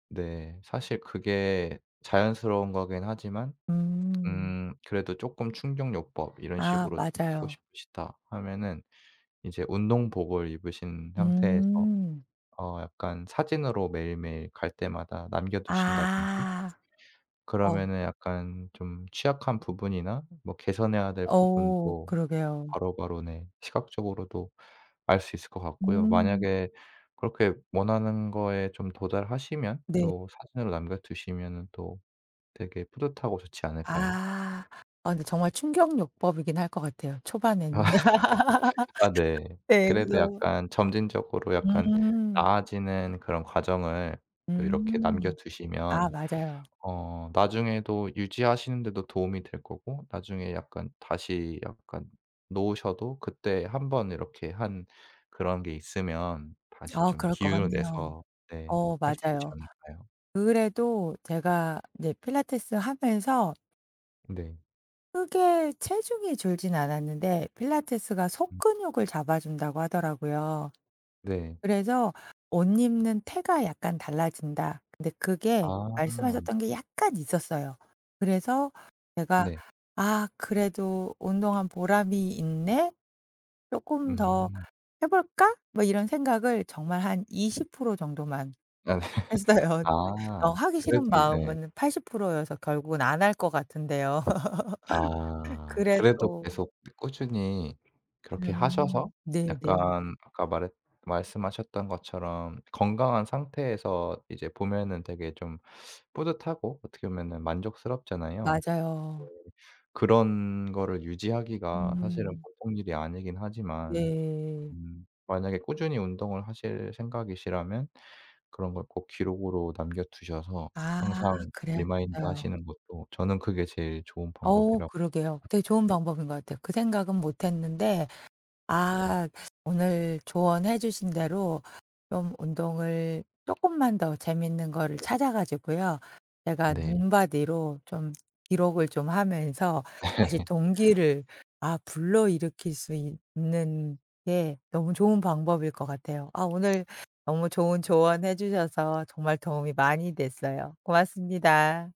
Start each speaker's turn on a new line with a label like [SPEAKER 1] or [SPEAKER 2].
[SPEAKER 1] 네 사실 그게 자연스러운 거긴 하지만
[SPEAKER 2] 음.
[SPEAKER 1] 음 그래도 쪼끔 충격요법 '이런
[SPEAKER 2] 아
[SPEAKER 1] 식으로 좀 하고
[SPEAKER 2] 맞아요.
[SPEAKER 1] 싶으시다.' 하면은 이제 운동복을 입으신 상태에서
[SPEAKER 2] 음.
[SPEAKER 1] 어 약간 사진으로 매일매일 갈 때마다 남겨 두신다든지.
[SPEAKER 2] 아. 어.
[SPEAKER 1] 그러면은 약간 좀 취약한 부분이나 뭐 개선해야 될
[SPEAKER 2] 어
[SPEAKER 1] 부분도
[SPEAKER 2] 그러게요.
[SPEAKER 1] 바로바로 네 시각적으로도 알 수 있을 것 같고요.
[SPEAKER 2] 음.
[SPEAKER 1] 만약에 그렇게 원하는 거에 좀 도달하시면
[SPEAKER 2] 네.
[SPEAKER 1] 또 사진으로 남겨 두시면은 또 되게 뿌듯하고 좋지 않을까요?
[SPEAKER 2] 아. 아 근데 정말 충격요법이긴 할 것 같아요 초반에는.
[SPEAKER 1] 아 네
[SPEAKER 2] 예
[SPEAKER 1] 그래도
[SPEAKER 2] 그래서
[SPEAKER 1] 약간 점진적으로 약간
[SPEAKER 2] 음.
[SPEAKER 1] 나아지는 그런 과정을 또 이렇게 남겨
[SPEAKER 2] 음. 아
[SPEAKER 1] 두시면
[SPEAKER 2] 맞아요.
[SPEAKER 1] 어 나중에도 유지하시는 데도 도움이 될 거고 나중에 약간 다시 약간 놓으셔도 그때 1 번 이렇게 한 그런 게 있으면 다시
[SPEAKER 2] 아
[SPEAKER 1] 좀
[SPEAKER 2] 그럴 것
[SPEAKER 1] 기운을
[SPEAKER 2] 같네요.
[SPEAKER 1] 내서 네
[SPEAKER 2] 어
[SPEAKER 1] 할 수 있지
[SPEAKER 2] 맞아요.
[SPEAKER 1] 않을까요?
[SPEAKER 2] 그래도 제가 인제 필라테스 하면서
[SPEAKER 1] 네.
[SPEAKER 2] 크게 체중이 줄진 않았는데 필라테스가 속
[SPEAKER 1] 음.
[SPEAKER 2] 근육을 잡아 준다고 하더라고요.
[SPEAKER 1] 네.
[SPEAKER 2] 그래서 "옷 입는 태가 약간 달라진다." 근데 그게
[SPEAKER 1] 아.
[SPEAKER 2] 말씀하셨던 게 약간 있었어요. 그래서 제가
[SPEAKER 1] 네.
[SPEAKER 2] '아 그래도 운동한 보람이 있네. 쪼끔 더
[SPEAKER 1] 음.
[SPEAKER 2] 해 볼까?' 뭐 이런 생각을 정말 한 20% 정도만
[SPEAKER 1] 아 네.
[SPEAKER 2] 했어요. 네. 어
[SPEAKER 1] 아
[SPEAKER 2] 하기
[SPEAKER 1] 그래도
[SPEAKER 2] 싫은
[SPEAKER 1] 이 네.
[SPEAKER 2] 마음은 80% 여서 결국은 안 할 것 같은데요.
[SPEAKER 1] 아. 그래도
[SPEAKER 2] 그래도
[SPEAKER 1] 계속 꾸준히 그렇게 하셔서
[SPEAKER 2] 음 네네.
[SPEAKER 1] 약간 아까 말했 말씀하셨던 것처럼 건강한 상태에서 이제 보면은 되게 좀 뿌듯하고 어떻게 보면은 만족스럽잖아요. 네
[SPEAKER 2] 맞아요.
[SPEAKER 1] 그런 거를 유지하기가 사실은
[SPEAKER 2] 음.
[SPEAKER 1] 보통 일이 아니긴 하지만
[SPEAKER 2] 네.
[SPEAKER 1] 음 만약에 꾸준히 운동을 하실 생각이시라면 그런 걸 꼭 기록으로 남겨 두셔서
[SPEAKER 2] 아
[SPEAKER 1] 항상
[SPEAKER 2] 그래야겠어요.
[SPEAKER 1] 리마인드하시는 것도 저는 그게 제일 좋은
[SPEAKER 2] 어
[SPEAKER 1] 방법이라고 생각
[SPEAKER 2] 그러게요. 되게 좋은
[SPEAKER 1] [unintelligible]
[SPEAKER 2] 방법인 것 같아요. 그 생각은 못 했는데
[SPEAKER 1] 예.
[SPEAKER 2] 아 오늘 조언해 주신 대로 좀 운동을 쪼끔만 더 재밌는 거를
[SPEAKER 1] 네.
[SPEAKER 2] 찾아 가지고요. 제가
[SPEAKER 1] 네.
[SPEAKER 2] 눈바디로 좀 기록을 좀 하면서 다시 동기를 아 불러일으킬 수 있 있는 게 너무 좋은 방법일 것 같아요. 아 오늘 너무 좋은 조언해 주셔서 정말 도움이 많이 됐어요. 고맙습니다.